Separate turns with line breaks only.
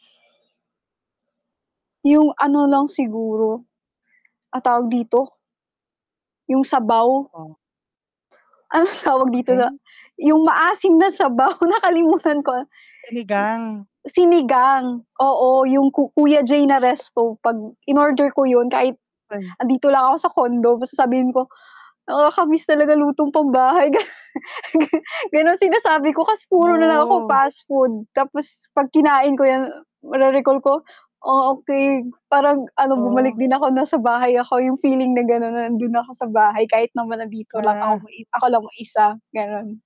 Yung ano lang siguro. Ah, tawag dito. Yung sabaw.
Oh.
Anong tawag dito nga
Okey.
yung maasim na sabaw, nakalimutan ko.
Sinigang.
Sinigang, oo yung ku Kuya J na resto 'pag inorder ko yun, kahit
Ay.
'andito lang ako sa condo basta sasabihin ko, "Nakakamiss talaga lutong pambahay." Ga ganon, sinasabi ko kasi puro nalang ako
No.
fast food, tapos 'pag kinain ko 'yan ma-re-recall ko, "Ah, okey parang ano, bumalik
Oh.
din ako nasa bahay ako." Yung feeling na ganon na nandun na ako sa bahay, kahit naman nandito lang ako
Ah.
ako lang mag-isa ganon.